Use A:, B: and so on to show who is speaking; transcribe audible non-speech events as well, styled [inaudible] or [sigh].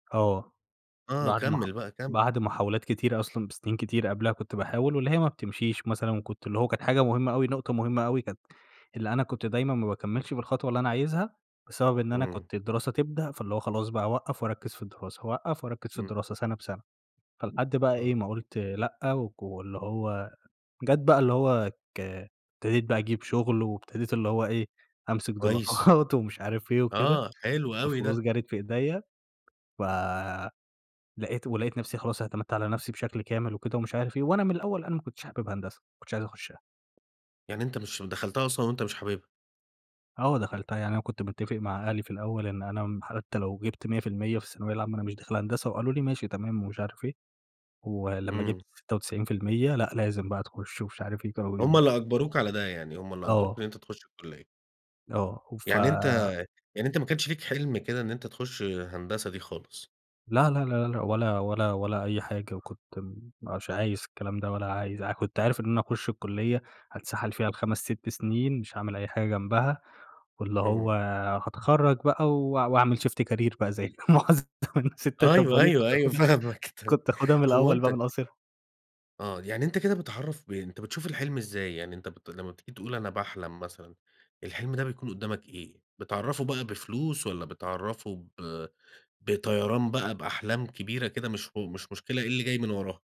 A: آه،
B: آه،
A: بعد مح
B: كمل بقى كمل.
A: بعد محاولات كتيرة أصلًا، بسنين كتير قبلها كنت باحاول، واللي هي ما بتمشيش مثلًا وكنت اللي هو كانت حاجة مهمة أوي، نقطة مهمة أوي كانت اللي أنا كنت دايمًا ما باكمّلش بالخطوة اللي أنا عايزها، بسبب إن أنا
B: إمم.
A: كنت الدراسة تبدأ فاللي هو خلاص بقى أوقّف واركّز في الدراسة، اوقّف واركّز في
B: امم.
A: الدراسة سنة بسنة. فلحد بقى إيه،
B: آه.
A: ما قُلت لأ، وك واللي هو جات بقى اللي هو ك ابتديت بقى أجيب شغل، وابتديت اللي هو إيه، أمسك
B: كويس.
A: دولارات ومش عارف إيه وكده،
B: آه، حلو أوي
A: والفلوس
B: ده.
A: جَرِت في إيديّا. فلقيت ولقيت نفسي خلاص اعتمدت على نفسي بشكل كامل وكده ومش عارف إيه، وأنا من الأول أنا ما كنتش حابب هندسة، ما كنتش عايز أخشّها.
B: يعني أنت مش دخلتها أصلًا وأنت مش حاببها.
A: آه، دخلتها يعني أنا كنت متّفق مع أهلي في الأول إن أنا م حتى لو جِبت 100% في الثانوية العامة أنا مش داخل هندسة، وقالوا لي: "ماشي، تمام." ومش عارف إيه، ولمّا
B: إمم.
A: جِبت 96% لأ، لازم بقى تُخش ومش عارف إيه، كانوا
B: هُم
A: بي
B: اللي أجْبَروك على ده، يعني هُم اللي أجْبَروك
A: آه.
B: إن أنت تُخش الكلية.
A: آه، وف
B: يعني أنت يعني أنت ما كانش لك حِلم كده إن أنت تُخش هندسة دي خالص؟
A: لا لا لا لا لا، ولا ولا ولا أي حاجة وكنت م مش عايز الكلام ده ولا عايز ع كنت عارف إن أنا هاخش الكلية هاتسَحَل فيها ب5 6 سنين مش هاعمل أي حاجة جنبها، واللي هو
B: إمم.
A: هاتخرّج بقى و واعمل شيفت كارير بقى زي [unintelligible] ستات. طب،
B: أيوه،
A: وليه؟
B: أيوه،
A: كنت
B: أيوه،
A: أخُدها
B: فاهمك تم
A: كنت اخُدها من
B: هو
A: الأول
B: أنت
A: بقى من قاصرها.
B: آه، يعني أنت كده بتعرّف ب أنت بتشوف الحِلم إزاي؟ يعني أنت بت لمّا بتيجي تقول أنا باحلم مثلًا، الحِلم ده بيكون قدامك إيه؟ بتعرّفه بقى بفلوس والّا بتعرّفه ب بطيران بقى بأحلام كبيرة كده مش هو مش مشكلة إيه اللي جاي من وراها؟